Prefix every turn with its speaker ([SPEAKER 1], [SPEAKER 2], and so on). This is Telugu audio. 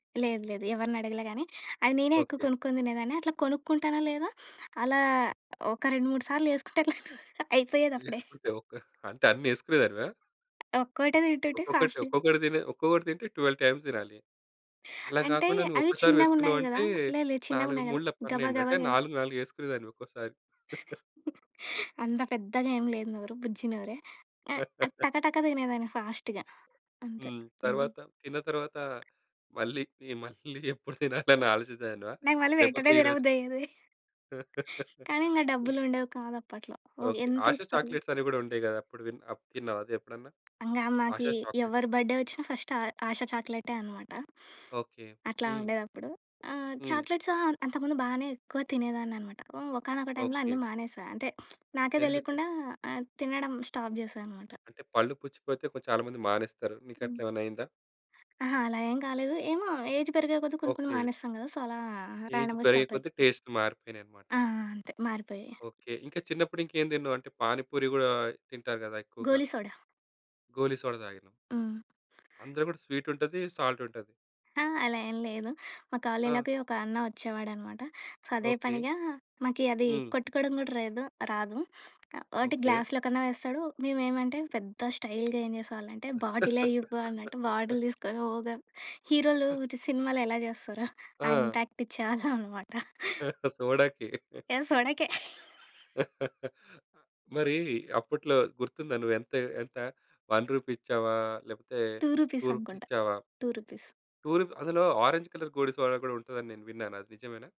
[SPEAKER 1] లేదు లేదు. ఎవరిని అడగలే గాని అది నేనే ఎక్కువ
[SPEAKER 2] ఓకే.
[SPEAKER 1] కొనుక్కొని తినేదాన్ని. అట్లా కొనుక్కుంటానో లేదో అలా ఒక 2, 3 సార్లు యేసుకుంటే నేను అయిపోయేది అప్పుడే.
[SPEAKER 2] ఏసుకుంటే ఓకే. అంటే అన్నేసుకునేదానివా?
[SPEAKER 1] ఒక్కటే తింటుంటే
[SPEAKER 2] ఒక్కొక్కటి,
[SPEAKER 1] ఫాస్ట్‌‌గ
[SPEAKER 2] ఒక్కొక్కటి తినే ఒక్కొక్కటి తింటే 12 టైమ్స్ తినాలి. అలా
[SPEAKER 1] అంటే
[SPEAKER 2] గాకుండా
[SPEAKER 1] అవి
[SPEAKER 2] నువ్వొక్కసారి
[SPEAKER 1] చిన్నగున్నాయి గదా!
[SPEAKER 2] వేసుకున్నావంటే
[SPEAKER 1] లే లేదు చిన్నగా
[SPEAKER 2] 4
[SPEAKER 1] ఉన్నాయి గదా!
[SPEAKER 2] మూళ్ళ
[SPEAKER 1] గబా,
[SPEAKER 2] 12
[SPEAKER 1] గబా
[SPEAKER 2] అంటే
[SPEAKER 1] జేస్
[SPEAKER 2] 4, 4 ఏసుకునేదానివి ఒక్కోసారి.
[SPEAKER 1] అంత పెద్దగా ఏం లేదు నోరు బుజ్జి నోరే. ఆహ్, టకటక తినేదాన్ని ఫాస్ట్‌గా అంతే.
[SPEAKER 2] హ్మ్.
[SPEAKER 1] హ్మ్.
[SPEAKER 2] తర్వాత తిన్న తరువాత మళ్ళీకి మళ్ళీ ఎప్పుడు తినాలి అని ఆలోచించెదానివా?
[SPEAKER 1] నాకు మళ్ళి
[SPEAKER 2] లేకపోతే
[SPEAKER 1] వెంటనే తిన
[SPEAKER 2] ఈరోజు
[SPEAKER 1] బుద్దయ్యేది. కానీ ఇంగ
[SPEAKER 2] ఇ
[SPEAKER 1] డబ్బులు ఉండేవి కాదు అప్పట్లో. ఒ
[SPEAKER 2] ఓకే.
[SPEAKER 1] ఎంత
[SPEAKER 2] ఆశ
[SPEAKER 1] ఇస్తరు?
[SPEAKER 2] చాక్లెట్స్ అని గూడా ఉండేవి గదా! అప్పుడు విన్ అప్పు తిన్నావ అది ఎప్పుడన్నా?
[SPEAKER 1] ఇంగ
[SPEAKER 2] ఆశ
[SPEAKER 1] మాకి
[SPEAKER 2] చాక్లెట్స్.
[SPEAKER 1] ఎవరి బడ్డే వచ్చినా ఫస్ట్ ఆ ఆశ చాక్లెటే అనమాట.
[SPEAKER 2] ఓకే.
[SPEAKER 1] అట్లా
[SPEAKER 2] హ్మ్.
[SPEAKER 1] ఉండేదప్పుడు. ఆహ్,
[SPEAKER 2] హ్మ్.
[SPEAKER 1] చాక్లెట్స్ ఆహ్, అంతకుముందు బానే ఎక్కువ తినేదాన్ననమాట. ఒ ఒకానొక టైమ్లో
[SPEAKER 2] ఓకే.
[SPEAKER 1] అన్నీ మానేసా. అంటే నాకే
[SPEAKER 2] ఎందుకు?
[SPEAKER 1] దెలికుండా ఆహ్, తినడం స్టాప్ జేశా అనమాట.
[SPEAKER 2] అంటే పళ్ళు పుచ్చిపోతే కొం చాలా మంది మానేస్తారు. నీకు
[SPEAKER 1] హ్మ్.
[SPEAKER 2] అట్లా ఏమన్నా అయిందా?
[SPEAKER 1] అహా! అలా ఏం కాలేదు. ఏమో! ఏజ్ పెరిగే కొద్ది కొన్ని కొన్ని
[SPEAKER 2] ఓకే.
[SPEAKER 1] మానేస్తాం గదా! సో అలా
[SPEAKER 2] ఏజ్
[SPEAKER 1] రాండమ్‌గా
[SPEAKER 2] పెరిగే కొద్దీ
[SPEAKER 1] స్టాపయిపోయింది.
[SPEAKER 2] టేస్ట్ మారిపోయినయి అన్నమాట.
[SPEAKER 1] ఆ! ఆ! అంతే మారిపోయాయి.
[SPEAKER 2] ఓకే. ఇంకా చిన్నప్పుడు ఇంకేం తిన్నావ్? అంటే పాని పూరి గూడా తింటారు గదా ఎక్కువగా.
[SPEAKER 1] గోలీ సోడా.
[SPEAKER 2] గోలీ సోడా తాగినాం.
[SPEAKER 1] హ్మ్.
[SPEAKER 2] అందులో గూడా స్వీట్ ఉంటది, సాల్ట్ ఉంటది.
[SPEAKER 1] ఆ! అలా ఏం లేదు. మా
[SPEAKER 2] ఆ!
[SPEAKER 1] కాలేజ్‌లోకి ఒక అన్న వచ్చేవాడనమాట. సో అదే
[SPEAKER 2] ఓకే.
[SPEAKER 1] పనిగా మాకి అది
[SPEAKER 2] హ్మ్.
[SPEAKER 1] కొట్టుకోవడం కూడా రేదు రాదు. ఒకటి
[SPEAKER 2] ఓకే.
[SPEAKER 1] గ్లాస్లో కన్నా వేస్తాడు. మేమెమంటే పెద్ద స్టైల్‌గా ఏం జేసేవాళ్ళంటే బాటిలే ఇవ్వు అన్నట్టు బాటిల్ తీసుకొని ఓగా హీరోలు ఇటు సినిమాలో ఎలా జేస్తారో ఆ
[SPEAKER 2] ఆ!
[SPEAKER 1] ఇంపాక్ట్ ఇచ్చేవాళ్ళం అనమాట.
[SPEAKER 2] సోడాకి.
[SPEAKER 1] యాహ్! సోడకే.
[SPEAKER 2] మరీ అప్పట్లో గుర్తుందా నువ్వెంత ఎంత 1 రూపీ ఇచ్చావా? లేకపోతే
[SPEAKER 1] టూ
[SPEAKER 2] టూ
[SPEAKER 1] రుపీస్
[SPEAKER 2] రుపీస్
[SPEAKER 1] అనుకుంటా.
[SPEAKER 2] ఇచ్చావా?
[SPEAKER 1] రూ. 2.
[SPEAKER 2] టూ రు అందులో ఒరంజ్ కలర్ గోడిసోడ గూడా ఉంటదని నేను విన్నాను అది నిజమేనా?